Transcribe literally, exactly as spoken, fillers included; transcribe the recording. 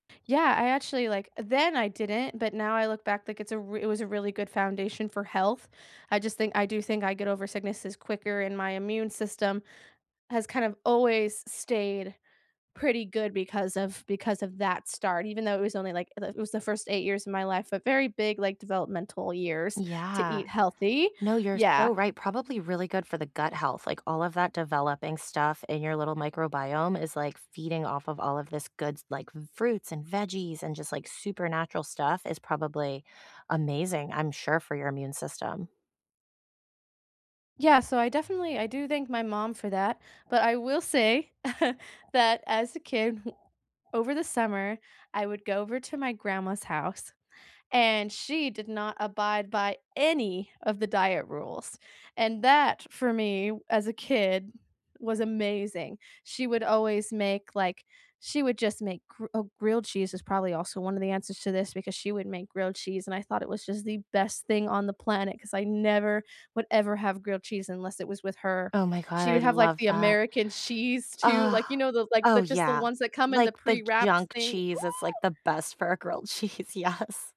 Yeah. I actually, like then I didn't, but now I look back, like, it's a r it was a really good foundation for health. I just think I do think I get over sicknesses quicker and my immune system has kind of always stayed pretty good because of because of that start. Even though it was only, like, the it was the first eight years of my life. A very big, like, developmental years to Yeah. eat healthy. No, you're Yeah. so right. Probably really good for the gut health, like, all of that developing stuff in your little microbiome is, like, feeding off of all of this goods, like fruits and veggies and just, like, super natural stuff is probably amazing, I'm sure, for your immune system. Yeah. So, I definitely I do thank my mom for that. But I will say, that as a kid, over the summer I would go over to my grandma's house and she did not abide by any of the diet rules. And that, for me as a kid, was amazing. She would always make, like she would just make gr oh, grilled cheese is probably also one of the answers to this because she would make grilled cheese and I thought it was just the best thing on the planet 'cause I never would ever have grilled cheese unless it was with her. Oh my god. She I would have like love the that. American cheese, too. Uh. Like, you know, the like, Oh, the just the yeah. ones that come in the Like, the pre-wrapped junk thing. Ooh. cheese is, like, the best for a grilled cheese. Yes.